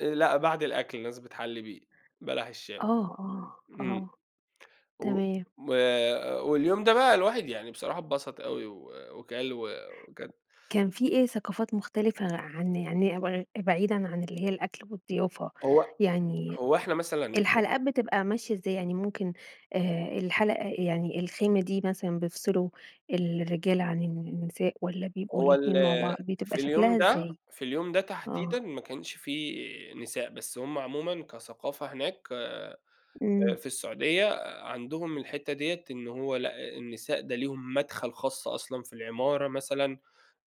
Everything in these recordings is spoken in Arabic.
آآ، لأ، بعد الأكل الناس بتحلِّي بيه، بلح الشام، آه، آه، إمم، آه و تمام. و واليوم ده بَقى الواحد يعني بصراحة اتبسط أوي و وكَل و وكان كان في إيه ثقافات مختلفة عن يعني ب بعيدًا عن اللي هي الأكل والضيافة. هو يعني هو إحنا مثلًا الحلقات بتبقى ماشية إزاي؟ يعني ممكن، آآ، الحلقة يعني الخيمة دي مثلًا بيفصلوا الرجالة عن الن نساء والّا بيبقوا هو ال الاتنين مع بعض؟ بتبقى في اليوم شكلها ده، إزاي؟ في اليوم ده تحديدًا آه. ما كانش في نساء، بس هُم عمومًا كثقافة هناك، آآ إمم. في السعودية عندهم الحتة ديّة، إن هو لأ، النساء ده ليهم مدخل خاص أصلًا في العمارة مثلًا،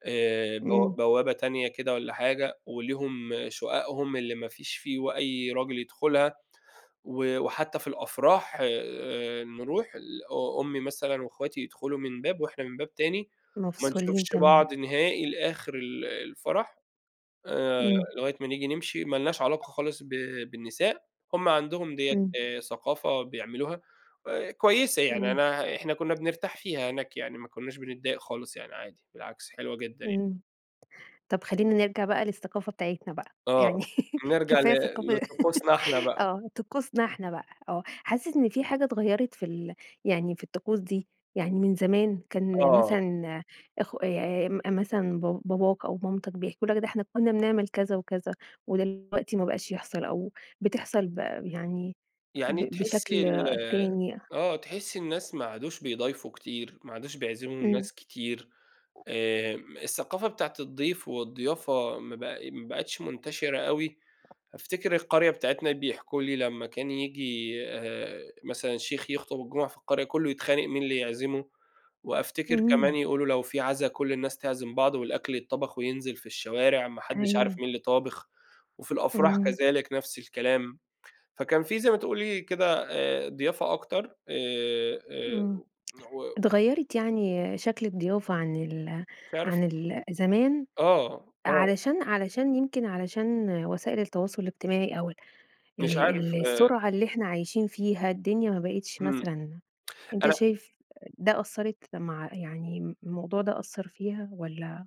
آآ، بو إمم. بوابة تانية كده والّا حاجة، وليهم شققهم اللي ما فيش في و أي راجل يدخلها، و وحتى في الأفراح، آآ، نرُوح ال أ أمي مثلًا واخواتي يدخلوا من باب وإحنا من باب تاني، وما مفصولين نشوفش تمامًا. بعض نهائي لآخر ال الفرح، آآ، إمم. لغاية ما نيجي نمشي، ما لناش علاقة خالص ب بالنساء، هُم عندهم ديّة، إمم. آآ، ثقافة بيعملوها، آآ، كويسة يعني، إمم. أنا إحنا كنا بنرتاح فيها هناك يعني، ما كُناش بنتضايق خالص يعني عادي، بالعكس حلوة جدًا يعني. إمم. طَب خلينا نِرجَع بَقى للثقافة بتاعتنا بَقى، آه، يعني نرجع ل كفاية ثقافة لطقوسنا إحنا بَقى. آه، طقوسنا إحنا بَقى آه، حاسس إن في حاجة اتغيَّرت في ال يعني في الطقوس دي؟ يعني من زمان كان آه. مثلًا أخو آآ، مثلًا ب باباك أو مامتك بيحكوا لك ده إحنا كنا بنعمل كذا وكذا، ودلوقتي ما بقاش يحصل أو بتحصل ب يعني يعني ب بشكل تحسي ال تاني آه، تحسي الناس ما عادوش بيضايفوا كتير، ما عادوش بيعزموا إمم. الناس كتير، آآ، الثقافة بتاعة الضيف والضيافة ما بق ما بقتش منتشرة أوي، أفتكر القرية بتاعتنا بيحكوا لي لما كان ييجي، آآ، مثلًا شيخ يخطب الجمعة في القرية، كله يتخانق مين اللي يعزمه، وأفتكر كمان إمم. يقولوا لو في عزا كل الناس تعزم بعض والأكل يتطبخ وينزل في الشوارع، ما حدش عارف مين أيوه. اللي طابخ، وفي الأفراح إمم. كذلك نَفْس الكلام. فكان في زي ما تقولي كده، آآ، ضيافة أكتر، آآ، آآ، إمم. و اتغيّرت يعني شكل الضيافة عن ال مش عارف عن ال زمان آه، آه. علشان علشان يمكن علشان وسائل التواصل الاجتماعي أو ال مش عارف، ال آآ السرعة اللي إحنا عايشين فيها، الدنيا ما بقتش إمم، مثلًا أنت أنا شايف ده أثّرِت مع يعني الموضوع ده أثّر فيها والّا؟